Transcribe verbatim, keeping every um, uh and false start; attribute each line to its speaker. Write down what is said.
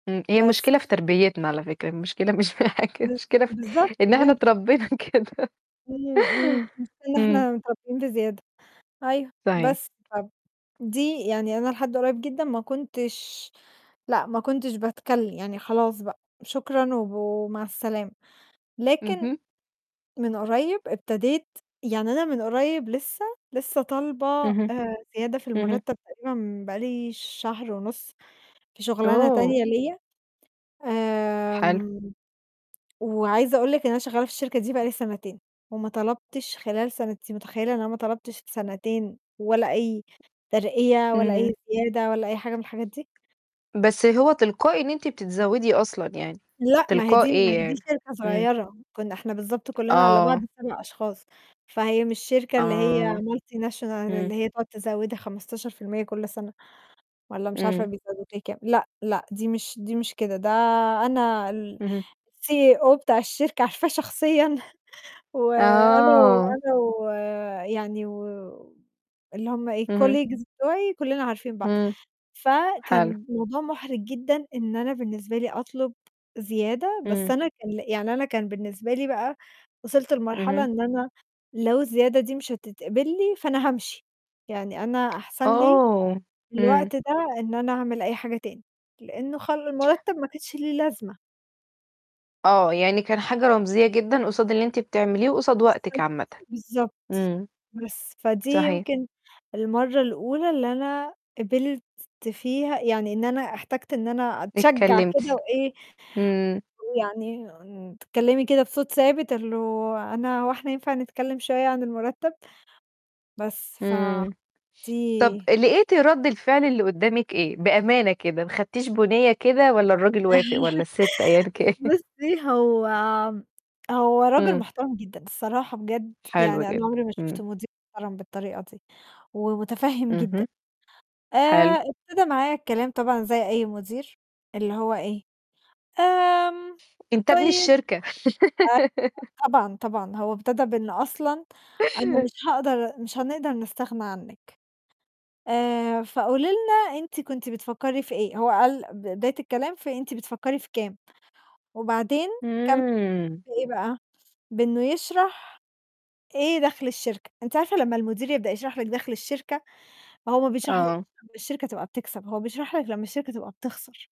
Speaker 1: إمم، هي
Speaker 2: بس.
Speaker 1: مشكلة في تربيّتنا على فكرة، المشكلة مش في حاجة،
Speaker 2: بالض
Speaker 1: المشكلة في
Speaker 2: بالضبط
Speaker 1: إن إحنا
Speaker 2: [unintelligible]
Speaker 1: اتربّينا كده.
Speaker 2: إمم، إمم، مش ده اللي
Speaker 1: إمم.
Speaker 2: إحنا متربّيين بزيادة أيوه.
Speaker 1: صحيح.
Speaker 2: بس طَب دي يعني أنا لحد قريّب جدًا ما كنتش لأ، ما كنتش باتكلِّم، يعني خلاص بقى، شكرًا وب ومع السلامة. لكن
Speaker 1: اهم.
Speaker 2: من قريّب ابتديت يعني أنا من قريّب لسّه لسّه طالبة
Speaker 1: اهم،
Speaker 2: آآ، زيادة في
Speaker 1: اهم.
Speaker 2: المرتَّب تقريبًا بقى لي شهر ونُص في شُغلانة
Speaker 1: أوه!
Speaker 2: تانية ليّا،
Speaker 1: حلو.
Speaker 2: آمم، وعايزة أقول لِك إن أنا شغّالة في الشركة دي بقى لي سَنتين وما طلبتش خلال سَنتين، أنتِ متخيّلة إن أنا ما طلبتش سَنتين ولا أي ترقية ولا
Speaker 1: إمم.
Speaker 2: أي زيادة ولا أي حاجة من الحاجات دي؟
Speaker 1: بس هو تلقائي إن أنت بتتزوّدي أصلًا يعني
Speaker 2: لأ، ما هي دي ما
Speaker 1: تلقائي
Speaker 2: هي دي
Speaker 1: يعني،
Speaker 2: شركة
Speaker 1: إمم.
Speaker 2: صغيرة، كُنّا إحنا بالضبط كُلّنا على بعض
Speaker 1: آه.
Speaker 2: سَبَع أشخاص، فهي مش شركة اللي هي
Speaker 1: آه،
Speaker 2: multinational
Speaker 1: إمم.
Speaker 2: اللي هي تقعُد تزودِك خمستاشر في المِيّة كل سَنة والّا مش عارفة
Speaker 1: إمم.
Speaker 2: بيزوّدوا كام. لأ، لأ، دي مش دي مش كده، ده أنا
Speaker 1: اهم.
Speaker 2: الCEO بتاع الشركة عارفاه شخصيًا وأنا و
Speaker 1: آه.
Speaker 2: أنا و يعني و اللي هم إيه،
Speaker 1: اهم.
Speaker 2: colleagues بتاعي كُلّنا عارفين بعض.
Speaker 1: إمم، حلو.
Speaker 2: فكان الموضوع مُحرِج جدًا إن أنا بالنسبة لي أطلب زيادة، بس
Speaker 1: إمم.
Speaker 2: أنا كان يعني أنا كان بالنسبة لي بقى وصلت لمرحلة
Speaker 1: اهم.
Speaker 2: إن أنا لو الزيادة دي مش هتتقبل لي، فأنا هامشي. يعني أنا أحسن لي
Speaker 1: أوه! إمم.
Speaker 2: الوقت ده إن أنا أعمل أي حاجة تاني لأنّه خ المرتَّب ما كاتش ليه لازمة.
Speaker 1: آه، يعني كان حاجة رمزية جدًا قصاد اللي أنت بتعمليه وقصاد وقتك
Speaker 2: بالضبط،
Speaker 1: عامةً.
Speaker 2: بالضبط.
Speaker 1: إمم.
Speaker 2: بس، فدي
Speaker 1: صحيح.
Speaker 2: يمكن المرّة الأولى اللي أنا قبلت فيها يعني إن أنا احتجت إن أنا أتشجّع
Speaker 1: اتكلِّمتِ،
Speaker 2: كده وإيه،
Speaker 1: إمم.
Speaker 2: ويعني تتكلِّمي كده بصوت ثابت اللي أنا هو إحنا ينفع نتكلِّم شوية عن المرتَّب؟ بس،
Speaker 1: إمم. طَب
Speaker 2: فدي
Speaker 1: لقيتِ رَد الفعل اللي قُدّامك إيه؟ بأمانة كده ما أخدتيش بُنيّة كده والّا الرجل وافق والّا السِت أيًا كان؟
Speaker 2: بُصّي، هو هو رجل
Speaker 1: إمم.
Speaker 2: محترم جدًا الصراحة بجد
Speaker 1: حلو
Speaker 2: يعني أنا
Speaker 1: جدًا،
Speaker 2: عمري ما شُفت
Speaker 1: إمم.
Speaker 2: مدير محترم بالطريقة دي ومتفهِّم جدًا.
Speaker 1: اهم. حلو.
Speaker 2: آآ، ابتدا معايا الكلام طبعًا زي أي مدير اللي هو إيه، "آمم
Speaker 1: أنت ابن
Speaker 2: طيب
Speaker 1: الشركة.
Speaker 2: أ" آه طبعًا، طبعًا، هو ابتدا بإن أصلًا: "أنا مش هاقدر مش هنقدر نستغنى عنِّك، آآ، فقولي لنا أنتِ كنتِ بتفكّري في إيه؟" هو قال ب بداية الكلام في "أنتِ بتفكّري في كام؟" وبعدين كان
Speaker 1: إمم.
Speaker 2: في إيه بقى، بإنّه يشرح إيه دَخْل الشركة. أنِت عارفة لمّا المدير يبدأ يشرح لِك دَخْل الشركة، فهو ما بيشرحلِكش
Speaker 1: آه.
Speaker 2: لمّا الشركة تبقى بتكسب، هو بيشرح لك لمّا الشركة تبقى بتخسر.